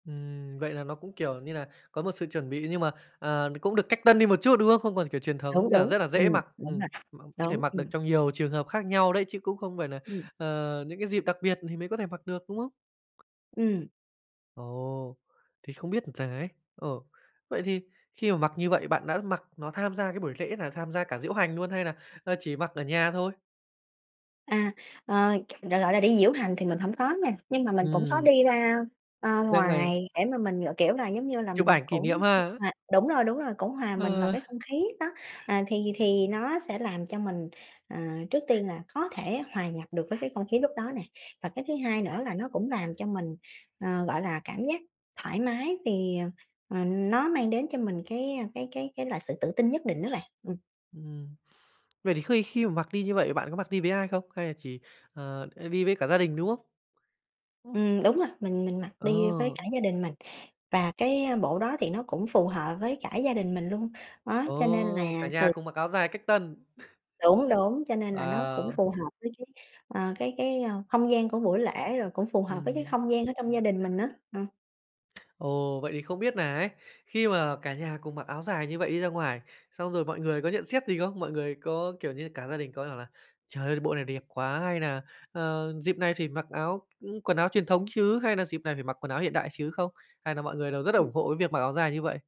Ừm, vậy là nó cũng, kiểu như nà, có một sự chuẩn bị, nhưng mà, à, cũng được cách tân đi một chút, đúng không? Không còn kiểu truyền thống Đúng, nên là đúng. rất là Ừm, dễ mặc. đúng Ừm, rồi. mặc có thể Đúng, mặc được ừm. trong nhiều trường hợp khác nhau đấy, chứ cũng không phải nà, Ừm. ờ, những cái dịp đặc biệt thì mới có thể mặc được, đúng không? Ừm. Ồ, thì không biết rằng ấy, ồ, vậy thì khi mà mặc như vậy, bạn đã mặc nó tham gia cái buổi lễ nào? Tham gia cả diễu hành luôn hay là, ơ, chỉ mặc ở nhà thôi? À. Ờ, gọi gọi là đi diễu hành thì mình hổng có nha. Nhưng mà mình cũng có Ừm. đi ra, a, Ra ngoài. ngoài để mà mình gọi, kiểu là, giống như là Chụp mình ảnh kỷ cũng niệm ha. hòa đúng rồi, đúng rồi, cũng hòa mình vào Ờ. cái không khí đó. À, thì thì nó sẽ làm cho mình, ờ, trước tiên là có thể hòa nhập được với cái không khí lúc đó nè, và cái thứ hai nữa là nó cũng làm cho mình, ờ, gọi là, cảm giác thoải mái, vì, ờ, ờ, nó mang đến cho mình cái, ơ, cái cái cái là sự tự tin nhất định á bạn. Ừm. Ừm. Vậy thì khi khi mà mặc đi như vậy, bạn có mặc đi với ai không? Hay là chỉ, ờ, hay đi với cả gia đình, đúng không? Ừ, đúng rồi. Mình mình mặc đi với Ồ. cả gia đình mình, và cái bộ đó thì nó cũng phù hợp với cả gia đình mình luôn. Đó, cho nên Ồ, cả là nhà từ cùng mặc áo dài cách tân. Đúng, đúng. Cho nên là nó cũng Wow! phù hợp với cái, ờ, cái cái, ơ, không gian của buổi lễ, rồi cũng phù hợp với cái Ừm. không gian ở trong gia đình mình á. Ờ. Ồ, vậy thì không biết nà ấy, khi mà cả nhà cùng mặc áo dài như vậy đi ra ngoài, xong rồi mọi người có nhận xét gì không? Mọi người có, kiểu như, cả gia đình có bảo là "Trời ơi, bộ này đẹp quá," hay nà "Ờ, dịp này thì mặc áo ừm, quần áo truyền thống chứ?" Hay là "Dịp này phải mặc quần áo hiện đại chứ" không? Hay là mọi người đều rất Ừm. ủng hộ cái việc mặc áo dài như vậy?